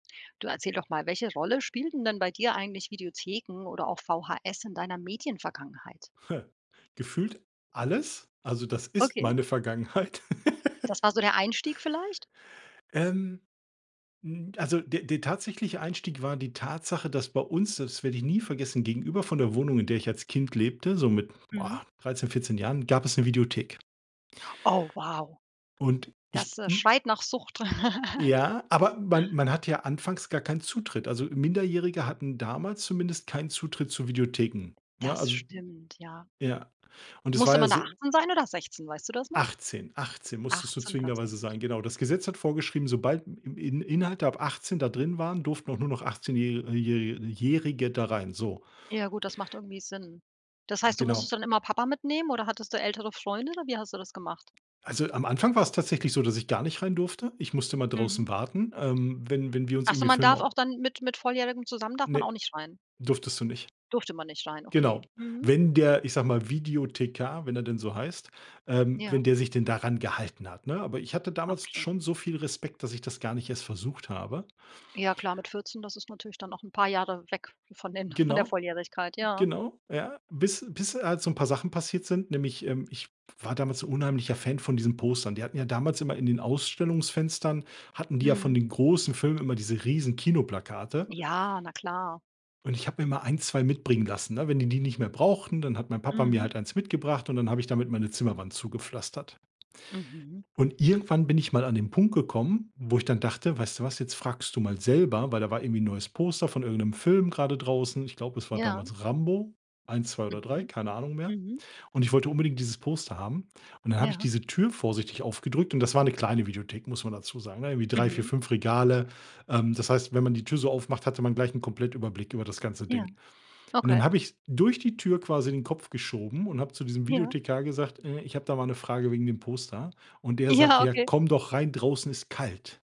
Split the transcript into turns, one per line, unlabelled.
Du erzähl doch mal, welche Rolle spielten denn bei dir eigentlich Videotheken oder auch VHS in deiner Medienvergangenheit?
Gefühlt alles, also das ist
Okay.
meine Vergangenheit.
Das war so der Einstieg vielleicht?
Ähm, mm, also, der der tatsächliche Einstieg war die Tatsache, dass bei uns, das werde ich nie vergessen gegenüber von der Wohnung, in der ich als Kind lebte, so mit,
Mhm.
boah, 13, 14 Jahren, gab es 'ne Videothek.
Oh wow.
Und ich
Das, äh,
hm
schreit nach Sucht.
Ja, aber man man hat ja anfangs gar keinen Zutritt. Also, Minderjährige hatten damals zumindest keinen Zutritt zu Videotheken, ne?
Das
Also
stimmt, ja.
ja. Und es war
Musste
ja
man da
so
18 sein oder 16, weißt du das noch?
18, 18 musstest du
18
zwingenderweise
tatsächlich.
sein, genau. Das Gesetz hat vorgeschrieben, sobald im In Inhalte ab 18 da drin waren, durften auch nur noch achtzehnjäh äh, jähri Jährige da rein, so.
Ja gut, das macht irgendwie Sinn. Das heißt, du
Genau.
musstest dann immer Papa mitnehmen oder hattest du ältere Freunde oder wie hast du das gemacht?
Also, am Anfang war es tatsächlich so, dass ich gar nicht rein durfte. Ich musste immer
Mhm.
draußen warten, ähm, wenn wenn wir uns
Ach so,
irgendwie
man
Filme
darf
au
auch dann mit mit Volljährigen zusammen darf man
Ne,
auch nicht rein?
durftest du nicht.
Durfte man nicht rein,
Genau.
okay. Mhm.
Wenn der, ich sage mal, Videothekar, wenn er denn so heißt, ähm,
Ja.
wenn der sich denn daran gehalten hat, ne? Aber ich hatte damals
Okay.
schon so viel Respekt, dass ich das gar nicht erst versucht habe.
Ja klar, mit 14, das ist natürlich dann noch 'n paar Jahre weg von den von der
Genau,
Volljährigkeit, ja.
genau, ja. Bis bis halt so 'n paar Sachen passiert sind, nämlich, ähm, ich war damals unheimlicher Fan von diesen Postern. Die hatten ja damals immer in den Ausstellungsfenstern hatten die ja von
Mhm.
den großen Filmen immer diese riesen Kinoplakate.
Ja, na klar.
Und ich habe mir mal 1, 2 mitbringen lassen, ne? Wenn die die nicht mehr brauchten, dann hat mein Papa mir
Mhm.
halt 1 mitgebracht und dann habe ich damit meine Zimmerwand zugepflastert.
Mhm.
Und irgendwann bin ich mal an den Punkt gekommen, wo ich dann dachte: „Weißt du was, jetzt fragst du mal selber.“ Weil da war irgendwie 'n neues Poster von irgend'nem Film grade draußen. Ich glaube, es war
Ja.
damals Rambo, 1, 2 oder 3,
Mhm,
keine Ahnung mehr.
mhm.
Und ich wollte unbedingt dieses Poster haben. Und dann habe ich
Ja.
diese Tür vorsichtig aufgedrückt und das war 'ne kleine Videothek, muss man dazu sagen, ne? Irgendwie 3, 4,
Mhm.
5 Regale, ähm, das heißt, wenn man die Tür so aufmacht, hatte man gleich 'n Komplettüberblick über das ganze
Ja,
Ding. Und dann
okay.
habe ich durch die Tür quasi den Kopf geschoben und habe zu diesem
Ja.
Videothekar gesagt: „Äh, ich habe da mal 'ne Frage wegen dem Poster.“ Und der
Ja,
sagte: „Ja,
okay.
komm doch rein, draußen ist kalt.“